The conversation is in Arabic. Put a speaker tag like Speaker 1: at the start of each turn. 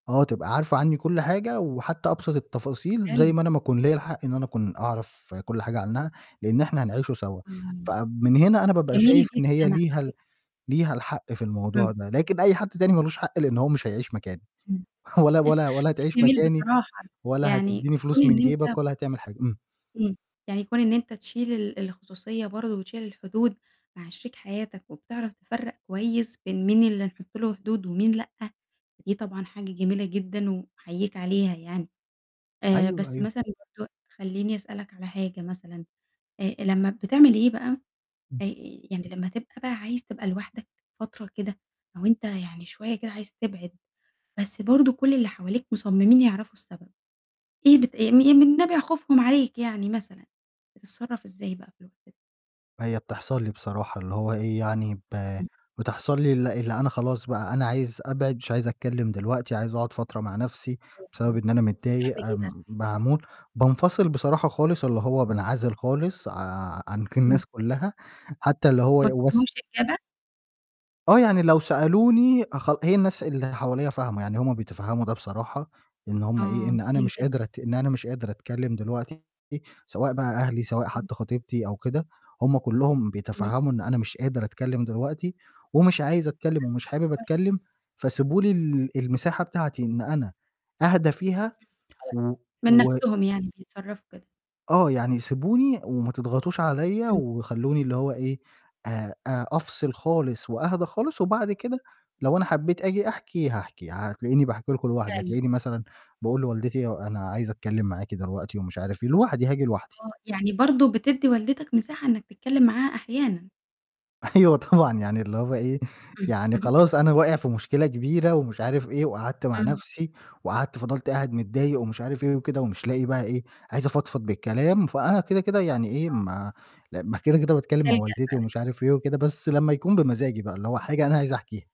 Speaker 1: آه، تبقى عارفة عني كل حاجة وحتى أبسط التفاصيل،
Speaker 2: حلو.
Speaker 1: زي ما أنا ما أكون ليّا الحق إن أنا أكون أعرف كل حاجة عنّها، لإن إحنا هنعيش سوا،
Speaker 2: امم،
Speaker 1: فمن هنا أنا بابقى
Speaker 2: جميل
Speaker 1: شايف
Speaker 2: جدًا
Speaker 1: إن هي
Speaker 2: على
Speaker 1: ليها
Speaker 2: فكرة.
Speaker 1: ال ليها الحق في الموضوع
Speaker 2: إمم.
Speaker 1: ده، لكن أي حد تاني ما لوش حق لإن هو مش هيعيش مكاني،
Speaker 2: إمم،
Speaker 1: ولا ولا ولا
Speaker 2: شيء
Speaker 1: هتعيش
Speaker 2: جميل
Speaker 1: مكاني
Speaker 2: بصراحة
Speaker 1: ولا
Speaker 2: يعني
Speaker 1: هتديني
Speaker 2: كون
Speaker 1: فلوس من
Speaker 2: إن
Speaker 1: جيبك
Speaker 2: أنت
Speaker 1: ولا هتعمل حاجة، إمم.
Speaker 2: إمم، يعني كون إن أنت تشيل ال الخصوصية برضه وتشيل الحدود مع شريك حياتك، وبتعرف تفرّق كويس بين مين اللي نحطّ له حدود ومين لأ، دي طبعًا حاجة جميلة جدًا وباحييك عليها يعني، آآ
Speaker 1: أيوه،
Speaker 2: بس
Speaker 1: أيوه.
Speaker 2: مثلًا برضه خلّيني أسألك على حاجة مثلًا، آآ لمّا بتعمل إيه بقى
Speaker 1: امم.
Speaker 2: آآ، يعني لمّا تبقى بقى عايز تبقى لوحدك فترة كده، أو أنت يعني شوية كده عايز تبعد، بس برضه كل اللي حواليك مصممين يعرفوا السبب، إيه بت إيه م من نابع خوفهم عليك يعني مثلًا، بتتصرف إزاي بقى في الوقت ده؟
Speaker 1: هي بتحصل لي بصراحة اللي هو إيه يعني ب
Speaker 2: امم.
Speaker 1: بتحصل لي ال اللي أنا خلاص بقى أنا عايز أبعِد مش عايز أتكلِّم دلوقتي، عايز أقعد فترة مع نَفسي، بسبب
Speaker 2: [unintelligible]
Speaker 1: إن أنا متضايق
Speaker 2: بتعمل إيه بقي
Speaker 1: آآ
Speaker 2: ساعتها.
Speaker 1: معمول، بانفصل بصراحة خالص اللي هو بانعزل خالص ع عن ك
Speaker 2: امم.
Speaker 1: الناس كلّها، حتى اللي هو
Speaker 2: ما
Speaker 1: وس
Speaker 2: بتديهمش إجابة؟
Speaker 1: آه، يعني لو سألوني أخل هي الناس اللي حواليّا فاهمة، يعني هم بيتفهّموا ده بصراحة، إن هم إيه
Speaker 2: آه،
Speaker 1: إن أنا
Speaker 2: جميل
Speaker 1: مش
Speaker 2: جدًا.
Speaker 1: قادرة أت إن أنا مش قادر أتكلِّم دلوقتي، سواء بقى أهلي سواء
Speaker 2: امم.
Speaker 1: حتّي خطيبتي أو كده، هم كلّهم
Speaker 2: امم.
Speaker 1: بيتفهّموا إن أنا مش قادر أتكلِّم دلوقتي، ومش عايز
Speaker 2: [unintelligible]
Speaker 1: أتكلِّم
Speaker 2: شئ
Speaker 1: ومش حابب
Speaker 2: كويس.
Speaker 1: أتكلِّم، فسيبوا لي ال المساحة بتاعتي إن أنا أهدى فيها
Speaker 2: امم، خلاص
Speaker 1: و
Speaker 2: من
Speaker 1: و
Speaker 2: نَفسهم يعني بيتصرفوا كده.
Speaker 1: آه، يعني سيبوني وما تضغطوش عليّا،
Speaker 2: امم.
Speaker 1: وخلّوني اللي هو إيه آآ آآ أفصِل خالص وأهدي خالص، وبعد كده لو أنا حبيت آجي أحكي هاحكي، هتلاقيني باحكي لكم لوحدي،
Speaker 2: فعلًا.
Speaker 1: هتلاقيني مثلًا باقول لوالدتي أنا عايز أتكلِّم معاكِ دلوقتي ومش عارف إيه، لوحدي هاجي لوحدي.
Speaker 2: آه، يعني برضه بتدي والدتك مساحة إنك تتكلِّم معاها أحيانًا.
Speaker 1: أيوه طبعًا، يعني اللي هو إيه
Speaker 2: امم،
Speaker 1: يعني
Speaker 2: اهم.
Speaker 1: خلاص أنا واقع في مشكلة كبيرة، ومش عارف إيه وقعدت مع
Speaker 2: امم.
Speaker 1: نَفسي، وقعدت فضلت قاعد متضايق ومش عارف إيه وكده، ومش لاقي بقى إيه عايز أفضفض بالكلام، فأنا كده، كده يعني إيه
Speaker 2: آه.
Speaker 1: ما ل ما كده، كده باتكلِّم مع
Speaker 2: بتلجأ
Speaker 1: والدتي
Speaker 2: بقي
Speaker 1: ومش عارف إيه وكده، بس لمّا يكون بمزاجي بقى اللي هو حاجة أنا عايز احكيها.